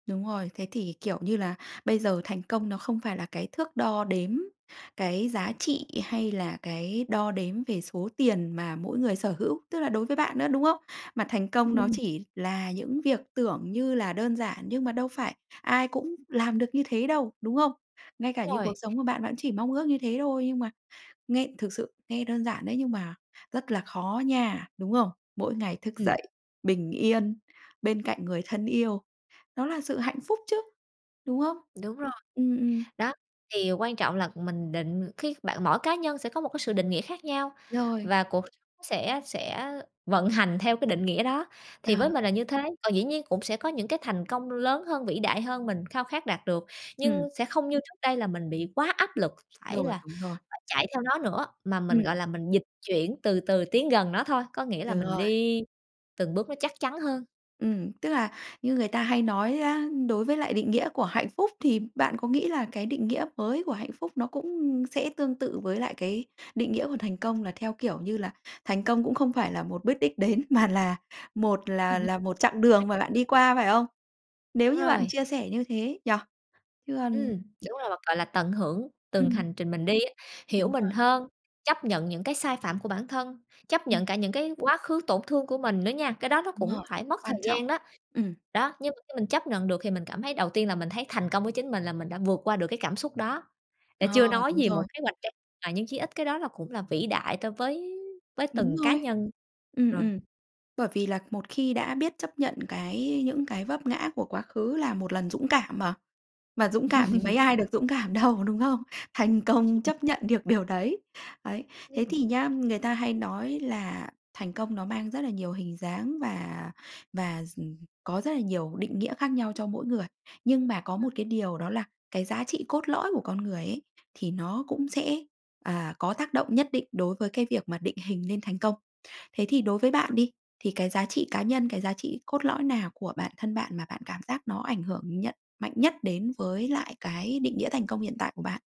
Đúng rồi. Thế thì, kiểu như là, bây giờ thành công nó không phải là cái thước đo đếm cái giá trị hay là cái đo đếm về số tiền mà mỗi người sở hữu, tức là đối với bạn nữa, đúng không? Mà thành công nó Ừm. chỉ là những việc tưởng như là đơn giản nhưng mà đâu phải ai cũng làm được như thế đâu, đúng không? Ngay cả [unintelligible] như cuộc rồi. sống của bạn, bạn chỉ mong ước như thế thôi, nhưng mà nghe thực sự nghe đơn giản đấy nhưng mà rất là khó nha, đúng không? Mỗi ngày thức Ừm. dậy, bình yên, bên cạnh người thân yêu, đó là sự hạnh phúc chứ, đúng không? Đúng rồi. Ừm, ừm. Đó, thì quan trọng là mình định cái bạn mỗi cá nhân sẽ có một cái sự định nghĩa khác nhau, Rồi. và cuộc sẽ sẽ vận hành theo cái định nghĩa đó, thì À. với mình là như thế. Còn dĩ nhiên cũng sẽ có những cái thành công lớn hơn, vĩ đại hơn mình khao khát đạt được, Ừm. nhưng sẽ không như trước đây là mình bị quá áp lực phải Rồi, là đúng rồi. phải chạy theo nó nữa, mà mình, Ừm. gọi là, mình dịch chuyển từ từ tiến gần nó thôi. Có nghĩa là Đúng mình rồi. đi từng bước nó chắc chắn hơn. Ừm, tức là như người ta hay nói á, đối với lại định nghĩa của hạnh phúc, thì bạn có nghĩ là cái định nghĩa mới của hạnh phúc nó cũng sẽ tương tự với lại cái định nghĩa của thành công, là theo kiểu như là thành công cũng không phải là một bước đích đến mà là một là Ừm. là một chặng đường mà bạn đi [unintelligible] qua, phải không? Nếu Đúng như bạn rồi. chia sẻ như thế nhỉ? Chứ Ừm, còn đúng rồi, và, gọi là, tận hưởng từng Ừm. hành trình mình đi á. Hiểu Đúng mình rồi. hơn, chấp nhận những cái sai phạm của bản thân, chấp Ừm. nhận cả những cái quá khứ tổn thương của mình nữa nha. Cái đó nó Đúng cũng rồi. phải mất thời Quan trọng. gian đó. Ừm. Đó, nhưng mà khi mình chấp nhận được thì mình cảm thấy đầu tiên là mình thấy thành công với chính mình, là mình đã vượt qua được cái cảm xúc đó. Là Ờ, chưa nói đúng gì một rồi. kế hoạch cho mà nhưng chí ít cái đó là cũng là vĩ đại ta với với Đúng từng cá rồi. nhân Ừm, rồi. ừm. Bởi vì là một khi đã biết chấp nhận cái những cái vấp ngã của quá khứ là một lần dũng cảm mà. Mà dũng cảm thì mấy ai được dũng cảm đâu, có đúng không? Thành công chấp nhận được điều đấy. Đấy, thế Ừm. thì nhá, người ta hay nói là thành công nó mang rất là nhiều hình dáng và và s ừm, có rất là nhiều định nghĩa khác nhau cho mỗi người. Nhưng mà có Ừm. một cái điều đó là cái giá trị trị cốt lõi của con người ấy, thì nó cũng sẽ, à, có tác động nhất định đối với cái việc mà định hình nên thành công. Thế thì đối với bạn đi, thì cái giá trị cá nhân, cái giá trị cốt lõi nào của bản thân bạn mà bạn cảm giác nó ảnh hưởng nhận mạnh nhất đến với lại cái định nghĩa thành công hiện tại của bạn?